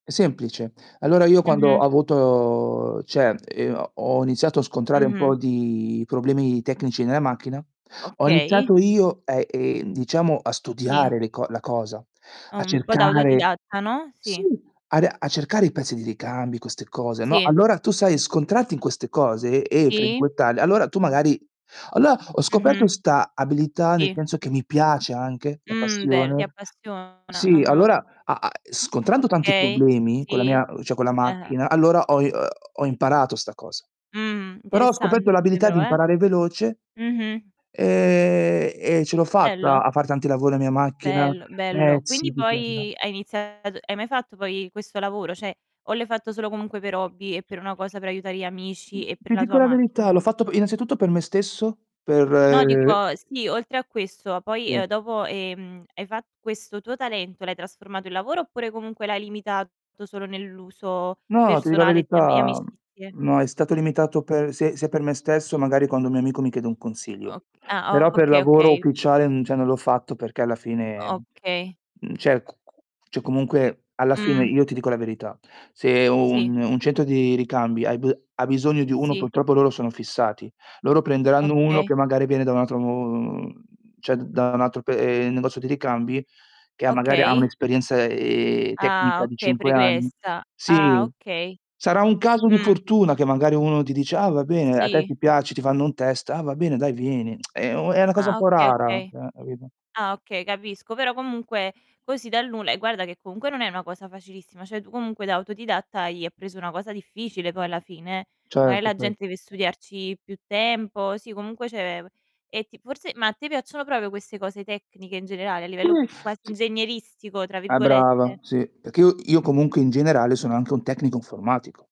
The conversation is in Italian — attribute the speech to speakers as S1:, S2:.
S1: È semplice. Allora io quando ho
S2: Mh-mh.
S1: avuto uhm, cioè, ehm uhm, ho iniziato a scontrare un
S2: Mh-mh.
S1: po' di problemi tecnici nella macchina, ho
S2: Okay.
S1: iniziato io, ehm, ehm, diciamo a
S2: Sì.
S1: studiare le co la cosa, a
S2: Un po' da
S1: cercare
S2: autodidatta, no,
S1: sì,
S2: sì.
S1: a ri a cercare i pezzi di ricambi, queste cose, no,
S2: Sì.
S1: allora tu sai, scontrarti in queste cose e
S2: Sì.
S1: frequentarle, allora tu magari allora ho scoperto
S2: Mh-mh.
S1: 'sta abilità, nel
S2: Sì.
S1: senso che mi piace anche la
S2: Mh, beh, ti
S1: passione
S2: appassiona
S1: sì,
S2: Ah-ah.
S1: allora, a a e scontrando tanti
S2: Okay.
S1: problemi con la
S2: Sì.
S1: mia, cioè con la
S2: Eh-eh.
S1: macchina, allora ho i uhm, ho imparato 'sta cosa.
S2: Mh,
S1: Però ho scoperto
S2: interessante
S1: l'abilità di
S2: però, eh.
S1: imparare veloce
S2: Mh-mh.
S1: ehm, e ce l'ho
S2: Bello.
S1: fatta a far tanti lavori la mia macchina,
S2: Bello, bello.
S1: pezzi
S2: Quindi
S1: di qua e di là.
S2: poi hai iniziato hai mai fatto poi questo lavoro? Cioè, o l'hai fatto solo comunque per hobby e per una cosa per aiutare gli amici e per
S1: Ti
S2: la
S1: dico
S2: tua
S1: la
S2: macchina?
S1: verità, l'ho fatto p innanzitutto per me stesso,
S2: No,
S1: per
S2: dico, sì, oltre a questo,
S1: Sì.
S2: poi, uhm, dopo, ehm, hai fa questo tuo talento l'hai trasformato in lavoro oppure comunque l'hai limitato solo nell'uso
S1: No, ti di la
S2: personale di am e
S1: verità,
S2: amicizie?
S1: mhmm, no è stato limitato per s sia per me stesso, magari quando un mio amico mi chiede un consiglio.
S2: Oc ah,
S1: Però per
S2: okay,
S1: lavoro
S2: okay.
S1: ufficiale, mhmm, cioè non l'ho fatto perché alla fine, mhmm,
S2: Okay.
S1: mhmm, cioè c c cioè comunque alla fine
S2: Mh.
S1: io ti dico la verità: se
S2: Sì.
S1: un un centro di ricambi hai b ha bisogno di uno,
S2: Sì.
S1: purtroppo loro sono fissati. Loro prenderanno uno
S2: Okay.
S1: che magari viene da un altro mhmm, cioè d da un altro pe ehm, negozio di ricambi che ha magari ha
S2: Okay.
S1: un'esperienza, ehm,
S2: Ah,
S1: tecnica di
S2: okay,
S1: 5 anni
S2: pregressa. Ah,
S1: sì,
S2: okay.
S1: sarà un caso di
S2: Mh.
S1: fortuna che magari uno ti dice: "Ah va bene", a te
S2: Sì.
S1: ti piace, ti fanno un test: "Ah va bene, dai vieni". È u è una cosa un
S2: Ah,
S1: po'
S2: okay,
S1: rara,
S2: okay.
S1: eh, capito?
S2: Ah, okay, capisco. Però comunque, così dal nulla e guarda che comunque non è una cosa facilissima. Cioè tu comunque da autodidatta hai preso una cosa difficile poi alla fine, eh. Magari
S1: Certo,
S2: la
S1: cer
S2: gente deve studiarci più tempo. Sì, comunque cioè e ti forse, ma a te piacciono proprio queste cose tecniche in generale, a
S1: Sì,
S2: livello quasi
S1: sì.
S2: "ingegneristico" tra
S1: Ah
S2: virgolette?
S1: brava, sì. Perché io io comunque in generale sono anche un tecnico informatico.